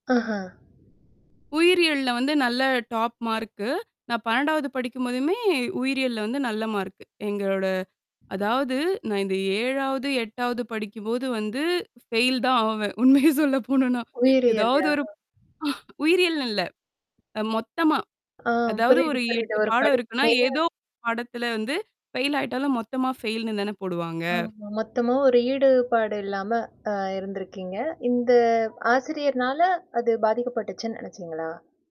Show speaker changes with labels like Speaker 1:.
Speaker 1: ஆஹ
Speaker 2: உயிரியல்ல வந்து நல்ல டாப் மார்க்கு. நான் 12வது படிக்கும்போதுமே, உயிரியல்ல வந்து நல்ல மார்க். எங்களோட அதாவது, நான் இந்த 7வது, 8வது படிக்கும்போது வந்து ஃபெயில் தான் ஆவேன். உண்மையே சொல்ல போனும்னா. எதாவது
Speaker 1: உயிரியல்லயா?
Speaker 2: ஒரு உயிரியல்னு இல்ல. அ, மொத்தமா.
Speaker 1: ஆம்,
Speaker 2: அதாவது,
Speaker 1: புரியுது,
Speaker 2: ஒரு
Speaker 1: புரியுது.
Speaker 2: 8
Speaker 1: ஒரு
Speaker 2: பாடம்
Speaker 1: படிப்பு
Speaker 2: இருக்குன்னா,
Speaker 1: மேல
Speaker 2: ஏதோ 1 பாடத்துல வந்து ஃபெயில் ஆயிட்டாலும், மொத்தமா ஃபெயில்னு தானே போடுவாங்க.
Speaker 1: ஆமா. மொத்தமா ஒரு ஈடுபாடு இல்லாம, அ இருந்திருக்கீங்க. இந்த ஆசிரியர்னால அது பாதிக்கப்பட்டுச்சுன்னு நெனைச்சீங்களா?